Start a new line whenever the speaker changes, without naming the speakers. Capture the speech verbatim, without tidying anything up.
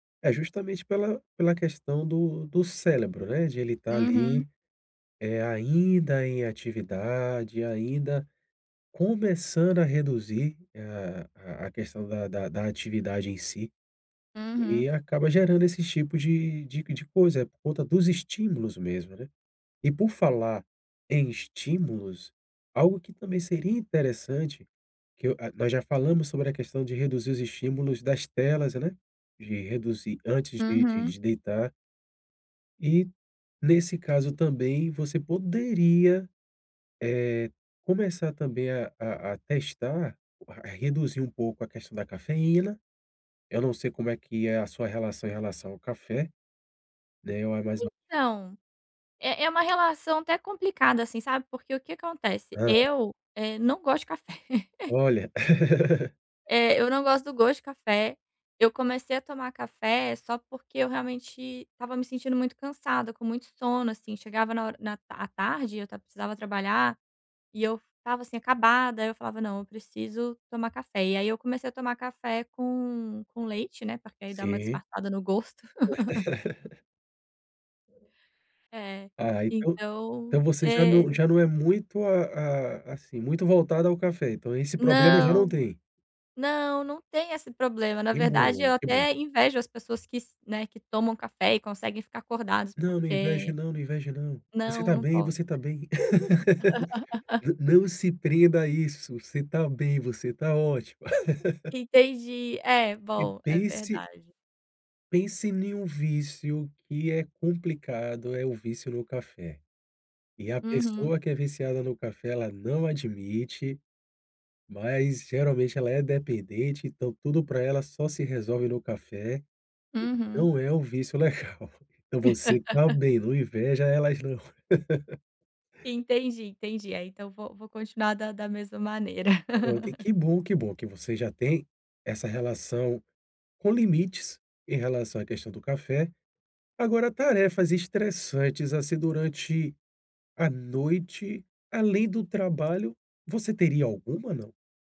É justamente pela pela questão do do célebro, né, de ele estar
Uhum.
ali, eh, ainda em atividade, ainda começando a reduzir a a questão da da da atividade em si, e
Uhum.
acaba gerando esses tipos de de de coisa, por conta dos estímulos mesmo, né. E por falar em estímulos, algo que também seria interessante, que eu, ah, nós já falamos sobre a questão de reduzir os estímulos das telas, né, de reduzir antes de de
Uhum.
de deitar. E, nesse caso também, você poderia, eh, começar também a a a testar reduzir um pouco a questão da cafeína. Eu não sei como é que é a sua relação em relação ao café, né [unintelligible]
Então, é é uma relação até complicada, assim, sabe, porque o que acontece,
Hã.
eu, eh, não gosto de café.
Olha.
Eh, eu não gosto do gosto de café. Eu comecei a tomar café só porque eu realmente estava me sentindo muito cansada, com muito sono, assim, chegava na hora na à tarde eu tav precisava trabalhar, e eu estava, assim, acabada, aí eu falava: "Não, eu preciso tomar café". E aí eu comecei a tomar café com com leite, né, porque aí dá uma
Sim.
disfarçada no gosto. É,
Ah, então
então
então você já não
É.
já não é muito, a a assim, muito voltada ao café, então esse problema já não
Não.
tem.
Não, não tem esse problema, na
Que
verdade
bom,
eu
que bom.
até invejo as pessoas que s né, que tomam café e conseguem ficar acordadas,
Não, não inveje
porque
não, não inveje não. Você
Não,
está
não
bem,
po
você está bem. Nã não se prenda a isso, você está bem, você está ótima.
Entendi. É,
E
bom, é
pense
verdade.
pense em um vício que é complicado, é o vício no café. E a
Uhum.
pessoa que é viciada no café, ela não admite, mas geralmente ela é dependente então tudo para ela só se resolve no café, entendeu.
Uhum.
Não é um vício legal. Então você está bem, não inveja elas não.
Entendi, entendi. Aí então, vou vou continuar da da mesma maneira.
Pronto, e que bom que bom que você já tem essa relação com limites em relação à questão do café. Agora tarefas estressantes, assim, durante a noite, além do trabalho, você teria alguma, não?